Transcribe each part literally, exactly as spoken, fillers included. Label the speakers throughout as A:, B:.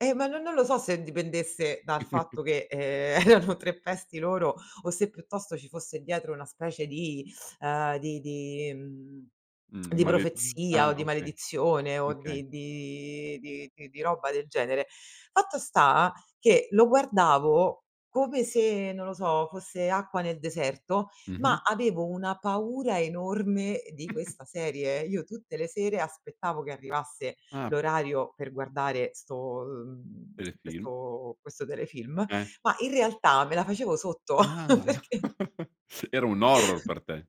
A: E ma no non lo so se dipendesse dal fatto che, ehm, erano tre pesti loro o se piuttosto ci fosse dietro una specie di ehm, di di mhmm,
B: Mh,
A: di
B: ma le mhmm,
A: profezia o
B: ah
A: di
B: okay,
A: maledizione o
B: okay.
A: di di di di roba del genere. Fatto sta che lo guardavo come se, non lo so, fosse acqua nel deserto, ma
B: Mh-mh.
A: avevo una paura enorme di questa serie. Io tutte le sere aspettavo che arrivasse
B: Ah.
A: l'orario per guardare 'sto ehm,
B: Telefilm?
A: questo questo telefilm,
B: Eh.
A: ma in realtà me la facevo sotto
B: Ah,
A: perché
B: era un horror per te.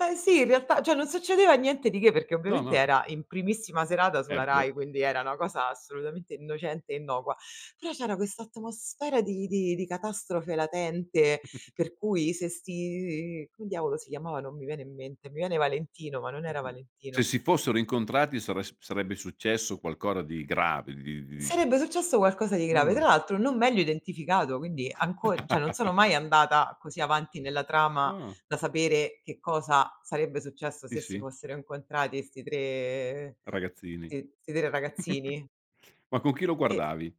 A: Ma sì, in realtà, ceh non succedeva niente di che, perché
B: No,
A: ovviamente
B: no.
A: era in primissima serata
B: Eh
A: sulla
B: beh.
A: RAI, quindi era una cosa assolutamente innocente e innocua. Però c'era questa atmosfera di di di catastrofe latente, per cui se 'sti come diavolo si chiamava? Non mi viene in mente. Mi viene Valentino, ma non era
B: Mh-mh, se
A: Valentino.
B: si fossero incontrati sares sarebbe successo qualcora di grave, di di di
A: Sarebbe successo qualcosa di grave.
B: Mh.
A: Tra l'altro non meglio identificato, quindi anco ceh non sono mai andata così avanti nella trama
B: Ah.
A: da sapere che cosa sarebbe successo
B: ì,
A: se si
B: sì.
A: fossero incontrati 'sti tre
B: Ragazzini.
A: ti 'sti tre ragazzini
B: Ma con chi lo
A: e
B: guardavi?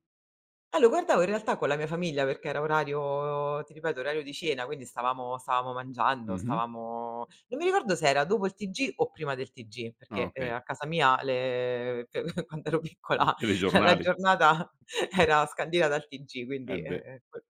A: Ah lo guardavo in realtà con la mia famiglia perché era orario ti ripeto, orario di cena, quindi stavamo stavamo mangiando,
B: Mh-mh.
A: stavamo non mi ricordo se era dopo il TG o prima del TG,
B: Ah
A: perché, ehm,
B: okay.
A: a casa mia le quando ero
B: I
A: piccola la
B: telegiornali.
A: giornata era scandita dal TG,
B: Eh
A: quindi, ehm,
B: beh.
A: ehm, quel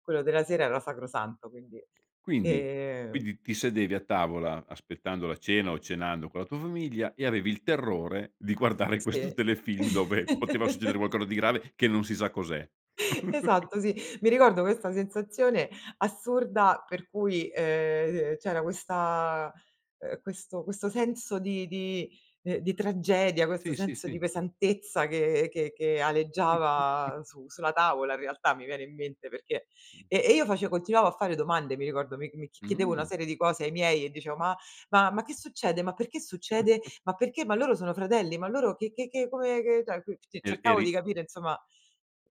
A: quello della sera era sacrosanto quindi;
B: Quindi
A: ehm
B: quindi ti sedevi a tavola aspettando la cena o cenando con la tua famiglia e avevi il terrore di guardare questo
A: Sì.
B: telefilm, dove poteva succedere qualcosa di grave che non si sa cos'è.
A: Esatto, sì. Mi ricordo questa sensazione assurda per cui, ehm, c'era questa uhm, questo questo senso di di ehm, di tragedia, questo
B: Sì, sì,
A: senso di
B: sì.
A: pesantezza che che che aleggiava su sulla tavola in realtà, mi viene in mente, perché
B: Mh.
A: e e io face continuavo a fare domande, mi ricordo, mi mi chiedevo una
B: Mh.
A: serie di cose ai miei e dicevo: "Ma ma ma che succede? Ma perché succede? Ma perché? Ma loro sono fratelli? Ma loro che che che come che" ceh [unintelligible] cioè
B: Er
A: cercavo di
B: eri
A: capire insomma